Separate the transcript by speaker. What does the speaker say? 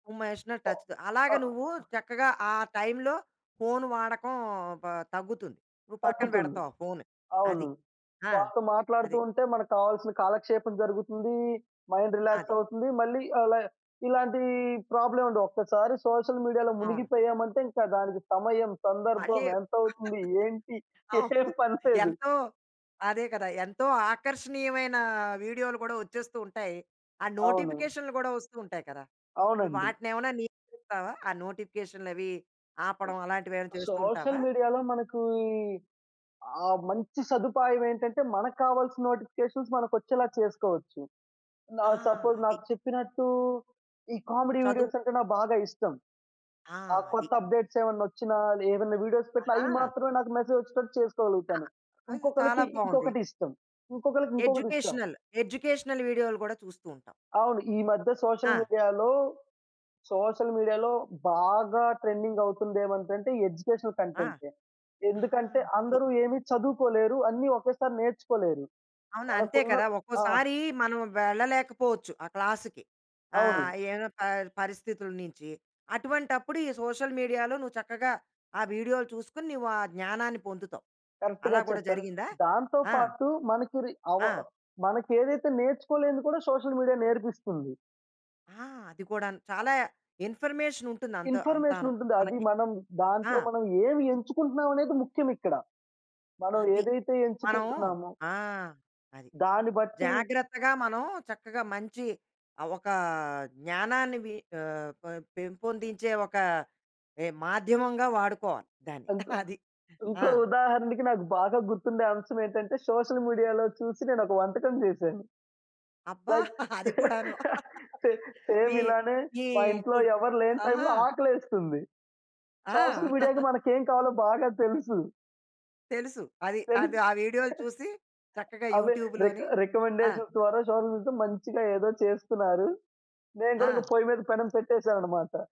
Speaker 1: [unintelligible]
Speaker 2: ఓహ్!
Speaker 1: Touch
Speaker 2: అ
Speaker 1: అలాగా, నువ్వు చక్కగా, ఆ టైమ్‌లో ఫోను వాడకం, బ తగ్గుతుంది. నువ్వు పక్కన
Speaker 2: తగ్గుతుంది.
Speaker 1: పెడతావు ఆ ఫోను. అది.
Speaker 2: అవును.
Speaker 1: ఆ!
Speaker 2: వాళ్ళతో మాట్లాడుతూ
Speaker 1: అది.
Speaker 2: ఉంటే, మనకు కావాల్సిన కాలక్షేపం జరుగుతుంది. మైండ్
Speaker 1: అది.
Speaker 2: రిలాక్స్ అవుతుంది. మళ్ళీ అలా ఇలాంటి ప్రాబ్లమే ఉండవు. ఒక్కసారి సోషల్ మీడియాలో
Speaker 1: అవును.
Speaker 2: మునిగిపోయాము అంటే, ఇంకా దానికి సమయం, సందర్భం,
Speaker 1: మళ్ళీ
Speaker 2: ఎంత అవుతుంది, ఏంటి? ఏం
Speaker 1: అవును.
Speaker 2: పని లేదు.
Speaker 1: ఎంతో అదే కదా! ఎంతో ఆకర్షణీయమైన వీడియోలు కూడా వచ్చేస్తూ ఉంటాయి. ఆ
Speaker 2: అవును.
Speaker 1: నోటిఫికేషన్‌లు కూడా వస్తూ ఉంటాయి కదా! ఇప్పుడు
Speaker 2: అవునండి.
Speaker 1: వాటిని ఏమైనా నియంత్రిస్తావా? ఆ నోటిఫికేషన్‌లు అవి ఆపడం అలాంటివి ఏమైనా చేస్తుంటావా?
Speaker 2: సోషల్ మీడియాలో, మనకీ ఆహ్, మంచి సదుపాయం ఏంటంటే, మనకు కావాల్సి నోటిఫికేషన్స్ మనకొచ్చేలా చేసుకోవచ్చు.
Speaker 1: ఆ!
Speaker 2: ఆహ్, సపోజ్
Speaker 1: అది.
Speaker 2: నాకు చెప్పినట్టు, ఈ కామెడీ
Speaker 1: చదువు.
Speaker 2: వీడియోస్ అంటే నాకు బాగా ఇష్టం.
Speaker 1: ఆ!
Speaker 2: ఆ
Speaker 1: అది.
Speaker 2: కొత్త అప్డేట్స్ ఏమైనా వోచ్చిన, ఏమైనా వీడియోస్ పెట్టిన, అయి
Speaker 1: ఆహా!
Speaker 2: మాత్రమే నాకు మెసేజ్ వచ్చేటట్టు చేసుకోగలుగుతాను.
Speaker 1: ఆ!
Speaker 2: ఇంకొకళ్ళకి
Speaker 1: చాలా బావుంది.
Speaker 2: ఇంకొకటి ఇష్టం, ఇంకొకళ్ళకి ఇంకొకటి ఇష్టం.
Speaker 1: ఎడ్యుకేషనల్, ఎడ్యుకేషనల్ వీడియోలు కూడా చూస్తుంటావు.
Speaker 2: అవును. ఈ మధ్య సోషల్
Speaker 1: ఆ!
Speaker 2: మీడియాలో, సోషల్ మీడియాలో బాగా ట్రెండింగ్ అవుతుంది ఏమంటంటే, ఎడ్యుకేషనల్
Speaker 1: ఆ!
Speaker 2: కంటెంటే.
Speaker 1: ఆ!
Speaker 2: ఎందుకంటే
Speaker 1: అది.
Speaker 2: అందరు ఏమి చదువుకోలేరు. అన్ని ఒకేసారి నేర్చుకోలేరు.
Speaker 1: అవును, అంతే
Speaker 2: మనకున్న
Speaker 1: కదా!
Speaker 2: ఆ!
Speaker 1: ఒక్కోసారి మనం వెళ్ళలేకపోవచ్చు ఆ క్లాస్‌కి.
Speaker 2: అవును.
Speaker 1: ఆహ్, ఏమైన పరి పరిస్థితుల నించి, అటువంటప్పుడు ఈ సోషల్ మీడియాలో నువ్వు చక్కగా ఆ వీడియోలు చూస్కోనీ, నీవు ఆ జ్ఞానాన్ని పొందుతావు.
Speaker 2: కరెక్ట్‌గా
Speaker 1: అలా కూడా
Speaker 2: చెప్పారు.
Speaker 1: జరిగిందా?
Speaker 2: దాంతో
Speaker 1: ఆ!
Speaker 2: పాటు మనకురి అవ
Speaker 1: ఆ!
Speaker 2: మనకెదైతే నేర్చుకోలేనిది కూడా సోషల్ మీడియా నేర్పిస్తుంది.
Speaker 1: ఆ! అది కూడాను, చాలా ఇన్ఫర్మేషన్ ఉంటుంది. అంత
Speaker 2: ఇన్ఫర్మేషన్
Speaker 1: అంతాను
Speaker 2: ఉంటుంది. అది
Speaker 1: మనకి.
Speaker 2: మనం
Speaker 1: ఆ!
Speaker 2: దాంట్లో, మనం ఏమి ఎంచుకుంటున్నాం అనేది ముఖ్యం ఇక్కడ. మనం
Speaker 1: అది,
Speaker 2: ఏదైతే
Speaker 1: మనం
Speaker 2: ఎంచుకుంటున్నామో
Speaker 1: ఆ! అది.
Speaker 2: దాని బట్టి
Speaker 1: జాగ్రత్తగా, మనం చక్కగా మంచి, ఒక జ్ఞానాన్ని మి ఆహ్, ప పెంపొందించే ఒక మాధ్యమంగా వాడుకోవాలి దాన్ని.
Speaker 2: ఇంకొ,
Speaker 1: అది. ఆ!
Speaker 2: ఇంకో ఉదాహరణకి, నాకు బాగా గుర్తుండే అంశం ఏంటంటే, సోషల్ మీడియాలో చూసి, నేను ఒక వంటకం చేశాను.
Speaker 1: అబ్బా!
Speaker 2: లైక్
Speaker 1: అది కూడాను
Speaker 2: సె సేమ్
Speaker 1: మీ
Speaker 2: ఇలానే
Speaker 1: మీ
Speaker 2: మా ఇంట్లో
Speaker 1: గుడ్
Speaker 2: ఎవరు లేని
Speaker 1: ఆహా!
Speaker 2: టైమ్‌లో ఆకలెస్తుంది.
Speaker 1: ఆ!
Speaker 2: సోషల్ మీడియాకి మనకెం కావాలో బాగా తెలుసు.
Speaker 1: తెలుసు. అది, అది
Speaker 2: తెలుసు.
Speaker 1: ఆ వీడియోలు చూసి చక్కగా
Speaker 2: అవే, రిక్
Speaker 1: యూట్యూబ్‌లోని. ఆ!
Speaker 2: రికమెండేషన్ ద్వారా సోషల్ [unintelligible] మంచిగా ఏదో చేస్తున్నారు. నేను కూడా
Speaker 1: ఆ!
Speaker 2: ఇంక పొయ్యి మీద పెనం పెట్టేసానన్నమాట.